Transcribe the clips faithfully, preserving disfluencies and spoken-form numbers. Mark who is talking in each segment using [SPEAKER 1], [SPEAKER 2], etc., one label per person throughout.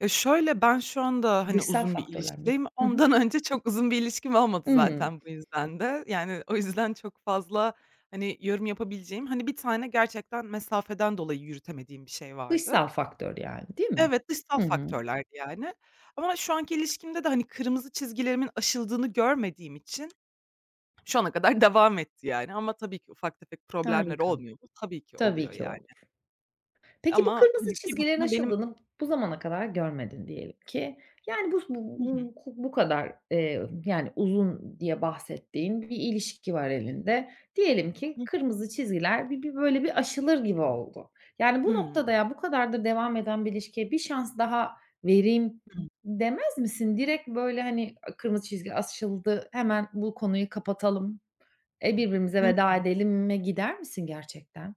[SPEAKER 1] Ya, şöyle, ben şu anda, hani,
[SPEAKER 2] Dışsal
[SPEAKER 1] uzun bir
[SPEAKER 2] faktörler miydi?
[SPEAKER 1] ilişkideyim.
[SPEAKER 2] Hı hı.
[SPEAKER 1] Ondan önce çok uzun bir ilişkim olmadı
[SPEAKER 2] Hımm.
[SPEAKER 1] zaten bu yüzden de. Yani, o yüzden çok fazla, hani, yorum yapabileceğim, hani, bir tane gerçekten mesafeden dolayı yürütemediğim bir şey vardı.
[SPEAKER 2] Dışsal faktör, yani, değil mi?
[SPEAKER 1] Evet, dışsal
[SPEAKER 2] Hı hı.
[SPEAKER 1] faktörlerdi, yani. Ama şu anki ilişkimde de, hani, kırmızı çizgilerimin aşıldığını görmediğim için şu ana kadar devam etti, yani. Ama tabii ki ufak tefek problemler
[SPEAKER 2] Harika.
[SPEAKER 1] olmuyor mu? Tabii ki
[SPEAKER 2] Tabii
[SPEAKER 1] oluyor,
[SPEAKER 2] ki
[SPEAKER 1] yani.
[SPEAKER 2] olur. Peki, bu
[SPEAKER 1] Ama,
[SPEAKER 2] kırmızı
[SPEAKER 1] hani, bir
[SPEAKER 2] çizgilerin
[SPEAKER 1] bakıma benim
[SPEAKER 2] aşıldığını bu zamana kadar görmedin diyelim ki, yani, bu s
[SPEAKER 1] Hı hı.
[SPEAKER 2] bu bu kadar, eee, yani, uzun diye bahsettiğin bir ilişki var elinde. Diyelim ki
[SPEAKER 1] Hıh.
[SPEAKER 2] kırmızı çizgiler bir bir, böyle, bir aşılır gibi oldu. Yani, bu
[SPEAKER 1] Hımm.
[SPEAKER 2] noktada, "Ya, bu kadardır devam eden bir ilişkiye bir şans daha vereyim."
[SPEAKER 1] Hımm.
[SPEAKER 2] demez misin? Direkt, böyle, hani, "A! Kırmızı çizgi aşıldı. Hemen bu konuyu kapatalım, eee, birbirimize
[SPEAKER 1] Hı
[SPEAKER 2] veda
[SPEAKER 1] hı.
[SPEAKER 2] edelim."e gider misin gerçekten?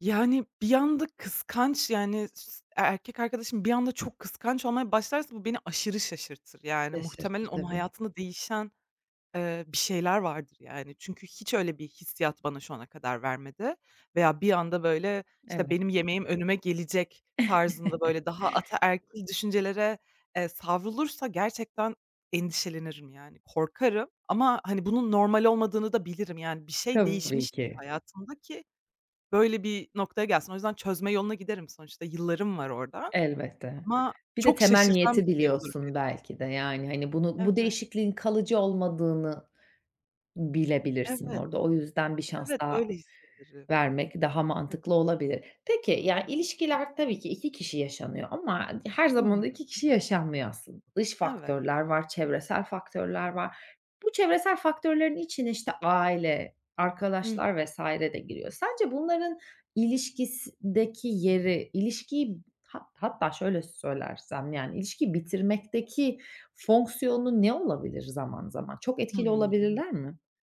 [SPEAKER 1] Yani, bir anda kıskanç, yani, s e erkek arkadaşım bir anda çok kıskanç olmaya başlarsa bu beni aşırı şaşırtır. Yani, muhtemelen
[SPEAKER 2] Şaşırtır
[SPEAKER 1] onun
[SPEAKER 2] tabii.
[SPEAKER 1] hayatında değişen, eee, bir şeyler vardır, yani çünkü hiç öyle bir hissiyat bana şu ana kadar vermedi veya bir anda, böyle, işte,
[SPEAKER 2] Evet.
[SPEAKER 1] "Benim yemeğim önüme gelecek." tarzında, böyle, daha ataerkil düşüncelere, eee, savrulursa gerçekten endişelenirim, yani. Korkarım ama, hani, bunun normal olmadığını da bilirim. Yani, bir şey
[SPEAKER 2] Tabii
[SPEAKER 1] değişmiştir
[SPEAKER 2] ki.
[SPEAKER 1] hayatında ki böyle bir noktaya gelsin. O yüzden çözme yoluna giderim. Sonuçta yıllarım var orada.
[SPEAKER 2] Elbette.
[SPEAKER 1] Ama
[SPEAKER 2] Bir de
[SPEAKER 1] çok
[SPEAKER 2] temel
[SPEAKER 1] şaşırtan
[SPEAKER 2] niyeti
[SPEAKER 1] bir şey olur beni.
[SPEAKER 2] biliyorsun belki de. Yani, hani, bunu bu
[SPEAKER 1] Evet.
[SPEAKER 2] değişikliğin kalıcı olmadığını bilebilirsin
[SPEAKER 1] Evet.
[SPEAKER 2] orada. O yüzden bir şans
[SPEAKER 1] Evet,
[SPEAKER 2] daha
[SPEAKER 1] öyle hissederim.
[SPEAKER 2] vermek daha
[SPEAKER 1] [unintelligible]
[SPEAKER 2] mantıklı olabilir. Peki, ya, ilişkiler tabii ki iki kişi yaşanıyor ama her
[SPEAKER 1] Hı
[SPEAKER 2] zaman da
[SPEAKER 1] hı.
[SPEAKER 2] iki kişi yaşanmıyor aslında. Dış
[SPEAKER 1] Evet.
[SPEAKER 2] faktörler var, çevresel faktörler var. Bu çevresel faktörlerin içine, işte aile,
[SPEAKER 1] Hı hı.
[SPEAKER 2] arkadaşlar vs. de giriyor. Sence bunların ilişkisideki yeri ilişkiyi ha hatta şöyle söylersem, yani, ilişkiyi bitirmekteki fonksiyonu ne olabilir zaman zaman? Çok etkili
[SPEAKER 1] Hımm.
[SPEAKER 2] olabilirler mi?